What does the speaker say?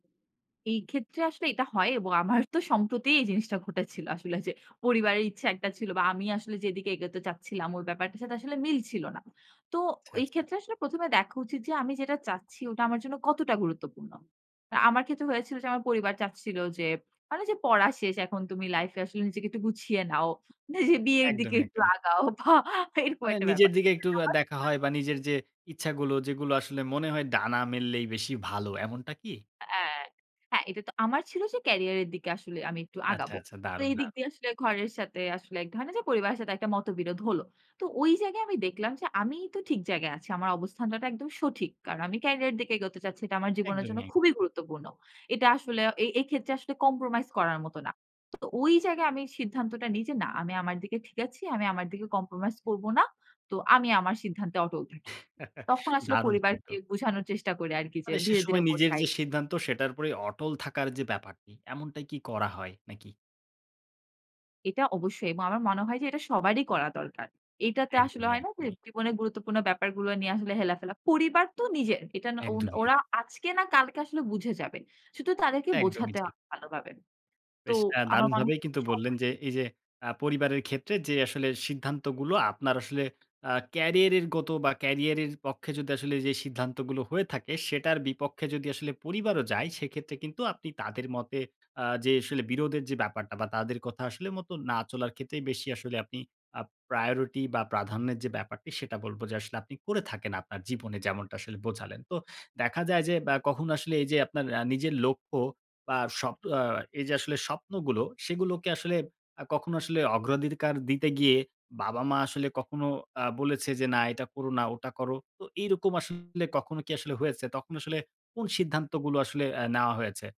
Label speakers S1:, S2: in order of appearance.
S1: এই ক্ষেত্রে আসলে এটা হয় এবং আমারও তো সম্প্রতি এই জিনিসটা ঘটেছিল। আসলে যে পরিবারের ইচ্ছা একটা ছিল বা আমি আসলে যেদিকে এগোতে চাচ্ছিলাম, ওই ব্যাপারটার সাথে আসলে মিলছিল না। তো
S2: আচ্ছা,
S1: ওই
S2: আচ্ছা।
S1: ক্ষেত্রে আসলে প্রথমে দেখা উচিত যে আমি যেটা চাচ্ছি ওটা আমার জন্য কতটা গুরুত্বপূর্ণ। আমার ক্ষেত্রে হয়েছিল যে আমার পরিবার চাচ্ছিল যে হয় না যে, পড়া শেষ, এখন তুমি লাইফে আসলে নিজেকে একটু গুছিয়ে নাও। নিজে বিয়ের দিকে
S2: একদমই,
S1: একটু
S2: একদমই।
S1: আগাও বা এরকম
S2: মানে
S1: একটা
S2: নিজের
S1: ব্যাপার।
S2: দিকে একটু আ দেখা
S1: [unintelligible]
S2: হয় বা নিজের যে ইচ্ছাগুলো, যেগুলো আসলে মনে হয় ডানা মেললেই বেশি ভালো, এমনটা কি?
S1: অ্যা হ্যাঁ, এটা তো আমার ছিল যে ক্যারিয়ারের দিকে আসলে আমি একটু
S2: আচ্ছা,
S1: আগাবো।
S2: আচ্ছা।
S1: তো
S2: দারুন,
S1: এই দিক
S2: দারুন।
S1: দিয়ে আসলে ঘরের সাথে আসলে এক ধরনের যে পরিবারের সাথে একটা মতবিরোধ হলো। তো ওই জায়গায় আমি দেখলাম যে আমিই তো ঠিক জায়গায় আছি। আমার অবস্থানটা টা একদম সঠিক। কারণ আমি ক্যারিয়ারের দিকে এগোতে চাচ্ছি। এটা আমার জীবনের জন্য
S2: একদমই এক।
S1: খুবই গুরুত্বপূর্ণ। এটা আসলে এ-এইক্ষেত্রে আসলে কম্প্রোমাইজ করার মতো না। তো ওই জায়গায় আমি সিদ্ধান্তটা নিই যে, না, আমি আমার দিকে ঠিক আছি, আমি আমার দিকে কম্প্রোমাইজ করব না। তো আমি আমার সিদ্ধান্তে অটল থাকি। তখন আসলে
S2: দারুণ কিন্তু!
S1: পরিবারকে বুঝানোর চেষ্টা করি আরকি যে
S2: মানে সে
S1: ধীরে, ধীরে
S2: সময় নিজের
S1: বোঝাই।
S2: যে সিদ্ধান্ত, সেটার উপরেই অটল থাকার যে ব্যাপারটি, এমনটাই কি করা হয় নাকি?
S1: এটা অবশ্যই এবং আমার মনে হয় যে এটা সবারই করা দরকার। এইটাতে আসলে
S2: একদমই,
S1: হয় না যে
S2: একদমই।
S1: জীবনের গুরুত্বপূর্ণ ব্যাপারগুলো নিয়ে আসলে হেলাফেলা পরিবার তো নিজের। এটা ওন
S2: একদমই এক।
S1: ওরা আজকে না কালকে আসলে বুঝে যাবে। শুধু তাদেরকে
S2: এটা একদমই
S1: বোঝাতে
S2: ঠিক।
S1: হবে ভালোভাবে। তো
S2: বেশ এ্যা
S1: আমার মনে হয়
S2: দারুণভাবেই কিন্তু বললেন
S1: সময়
S2: যে এই যে আ পরিবারের ক্ষেত্রে যে আসলে সিদ্ধান্তগুলো আপনার আসলে আ ক্যারিয়ারের গত বা কেরিয়ারের পক্ষে যদি আসলে এইযে সিদ্ধান্তগুলো হয়ে থাকে, সেটার বিপক্ষে যদি আসলে পরিবারও যায়, সেক্ষেত্রে কিন্তু আপনি তাদের মতে অ্যা যে আসলে বিরোধের যে ব্যাপারটা বা তাদের কথা আসলে মতো না চলার ক্ষেত্রেই বেশি আসলে আপনি আ প্রায়োরিটি বা প্রাধান্যের যে ব্যাপারটি, সেটা বলব যে আসলে আপনি করে থাকেন আপনার জীবনে যেমনটা আসলে বোঝালেন। তো দেখা যায় যে বা কখনো আসলে এই যে আপনার অ্যা নিজের লক্ষ্য বা স্বপ আ এই যে আসলে স্বপ্নগুলো, সেগুলোকে আসলে আ কখনো আসলে অগ্রাধিকার দিতে গিয়ে বাবা-মা আসলে কখনো আ বলেছে যে, "না, এটা করো না, ওটা করো।" তো এরকম আসলে কখনো কি আসলে হয়েছে? তখন আসলে কোন সিদ্ধান্তগুলো আসলে আ নেওয়া হয়েছে?